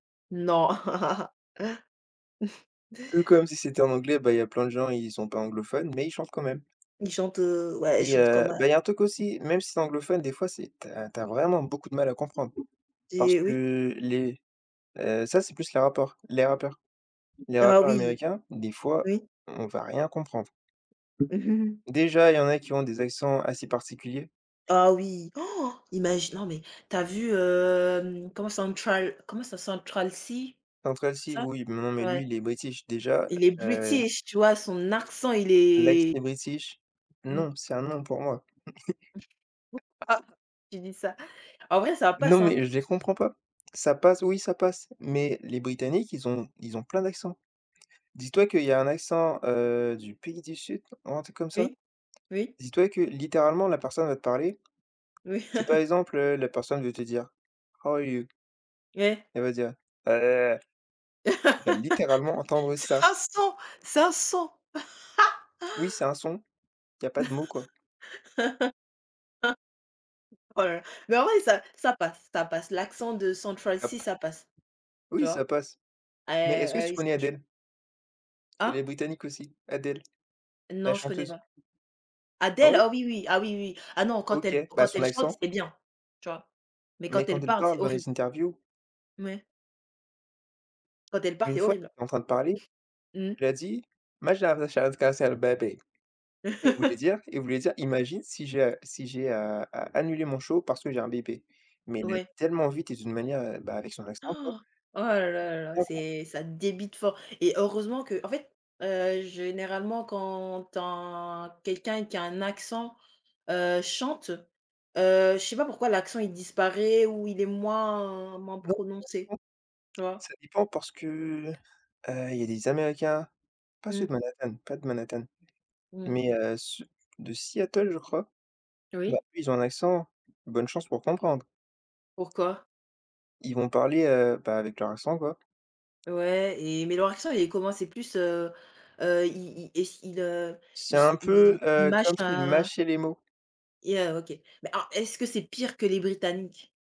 Non. Un peu comme si c'était en anglais, bah il y a plein de gens, ils sont pas anglophones, mais ils chantent quand même. Ils chantent, heu, ouais, Et chantent comme heu, à bah il y a un truc aussi, même si tu es anglophone, des fois c'est tu as tu as vraiment beaucoup de mal à comprendre, parce Des oui. que les heu, ça, c'est plus les rapports, les rappeurs. Les Ah rappeurs oui, américains, des fois, oui. on va rien comprendre. Déjà, il y en a qui ont des accents assez particuliers. Ah oui, imagine, non mais tu as vu, hem, comment Central comment ça Central Cee, Central Cee ça, oui, mais non mais ouais. lui, il est british, déjà, Il est heu british, tu vois? Son accent, il Lex est est british, Mmh. non, c'est un non pour moi. [unintelligible] Tu dis ça. En vrai, ça Non passe, hein. mais je les comprends pas, ça passe oui ça passe, mais les britanniques, ils ont ils ont plein d'accent. Dis-toi qu'il y a un accent, heu, du pays du sud, ou un truc comme ça. Oui, oui. Dis-toi que littéralement la personne va te parler, Oui. si par exemple, heu, la personne veut te dire: «How are you?». Ouais. Elle va dire: «Ah la la la». Tu vas littéralement entendre C'est ça. un son c'est un son. Oui c'est un son, il y a pas de mots, quoi. [unintelligible] Oh la la mais en vrai ça ça passe. Ça passe, l'accent de Central Cee, Hop. ça passe. Tu Oui ça vois? passe, Eh mais est-ce que ah tu oui connais franchement Adèle? Elle est Ah! britannique aussi, Adèle, la Non, je connais chanteuse? pas. Ah Adèle ouais? oh oui, oui, ah oui, oui. Ah non, quand elle OK, bah quand son elle chante, accent c'est bien. Tu vois? Mais mais quand quand elle elle parle, c'est parle dans horri les interviews Ouais. Quand elle parle, une c'est fois horrible. en train de parler, Mmh. elle a dit: «Macha vachave cancel baby.», il voulait dire il voulait dire imagine si ja si j'ai, a a annulé mon show parce que j'ai un bébé, mais il a Ouais. tellement vite et d'une manière bah, avec son accent, quoi. Oh! Oh là là, D'accord. c'est ça débite fort et heureusement qu'en fait, heu, généralement quand tin quelqu'un qui a un accent, heu, chante, heu, je sais pas pourquoi l'accent il disparaît ou il est moins moins Non, ça prononcé, dépend, tu vois? ça dépend parce que, heu, il y a des Américains, pas ceux Mmh. de Manhattan, pas de Manhattan, Mmh. mais heu, ceux de Seattle, je crois. Bah, Oui. eux ils ont un accent, bonne chance pour comprendre. Pourquoi? Ils vont parler, heu, bah, avec leur accent, quoi. Ouais et mais leur accent, il est comment c'est plus, heu heu, il il est ce il, heu, C'est il se un peu, il il heu, mâche, comme s'ils heu mâchaient les mots. et heu, OK, mais ah, est-ce que c'est pire que les britanniques?